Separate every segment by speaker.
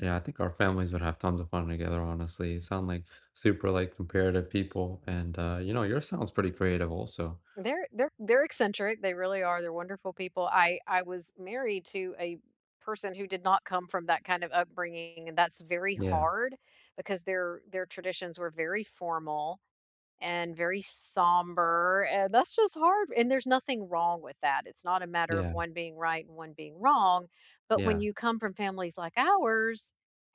Speaker 1: Yeah, I think our families would have tons of fun together, honestly, sound like, super, like, comparative people, and, uh, you know, yours sounds pretty creative also.
Speaker 2: They're they're they're eccentric, they really are, they're wonderful people. I I was married to a person who did not come from that kind of upbringing, and that's very
Speaker 1: Yeah.
Speaker 2: hard because their their traditions were very formal and very somber, and that's just hard and there's nothing wrong with that, it's not a matter of
Speaker 1: Yeah.
Speaker 2: one being right and one being wrong, but when
Speaker 1: Yeah.
Speaker 2: you come from families like ours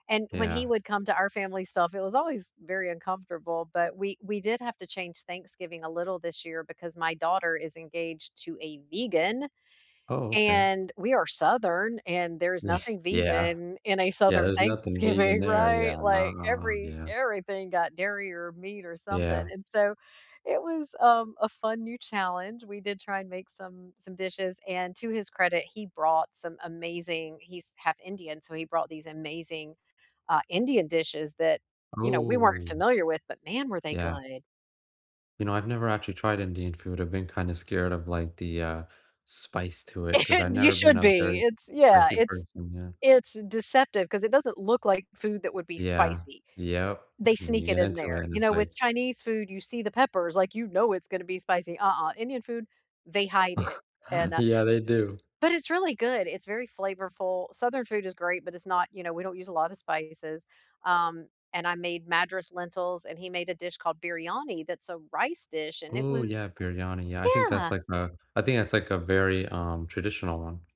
Speaker 2: and when he
Speaker 1: Yeah.
Speaker 2: would come to our family stuff, it was always very uncomfortable, but we we did have to change Thanksgiving a little this year because my daughter is engaged to a vegan
Speaker 1: Oh, okay.
Speaker 2: and we are Southern and there's nothing
Speaker 1: Yeah.
Speaker 2: vegan in a
Speaker 1: Yeah,
Speaker 2: Southern
Speaker 1: there's nothing vegan
Speaker 2: Thanksgiving,
Speaker 1: there,
Speaker 2: right?
Speaker 1: yeah, no,
Speaker 2: Like
Speaker 1: no,
Speaker 2: every
Speaker 1: yeah.
Speaker 2: everything got dairy or meat or something,
Speaker 1: Yeah.
Speaker 2: and so, it was, um, a fun new challenge. We did try and make some some dishes and to his credit, he brought some amazing he's 1/2 Indian, so he brought these amazing, uh, Indian dishes that, you know, we weren't
Speaker 1: Oh.
Speaker 2: familiar with, but man, were they
Speaker 1: Yeah.
Speaker 2: good.
Speaker 1: You know, I've never actually tried Indian food, I've been kinda scared of, like, the, uh, spice to it 'cause I've
Speaker 2: You
Speaker 1: never been
Speaker 2: should
Speaker 1: a
Speaker 2: be,
Speaker 1: very
Speaker 2: it's yeah.
Speaker 1: spicy
Speaker 2: It's
Speaker 1: person. Yeah.
Speaker 2: it's, eh, deceptive 'cause it doesn't look like food that would be
Speaker 1: Yeah.
Speaker 2: spicy;
Speaker 1: Yep,
Speaker 2: they
Speaker 1: and then you
Speaker 2: sneak it
Speaker 1: get
Speaker 2: in
Speaker 1: into it,
Speaker 2: there.
Speaker 1: and
Speaker 2: You
Speaker 1: it's
Speaker 2: know, with
Speaker 1: like
Speaker 2: Chinese food, you see the peppers, like, you know it's gonna be spicy. Uh-uh, Indian food; they hide it and, uh
Speaker 1: Yeah, they do.
Speaker 2: but it's really good, it's very flavorful. Southern food is great, but it's not, you know, we don't use a lotta spices. Um, and I made Madras lentils, and he made a dish called biryani that's a rice dish, and it
Speaker 1: Ooh,
Speaker 2: was
Speaker 1: yeah. Biryani, yeah, I think that's
Speaker 2: yeah.
Speaker 1: like, a I think that's, like, a very, um, traditional one.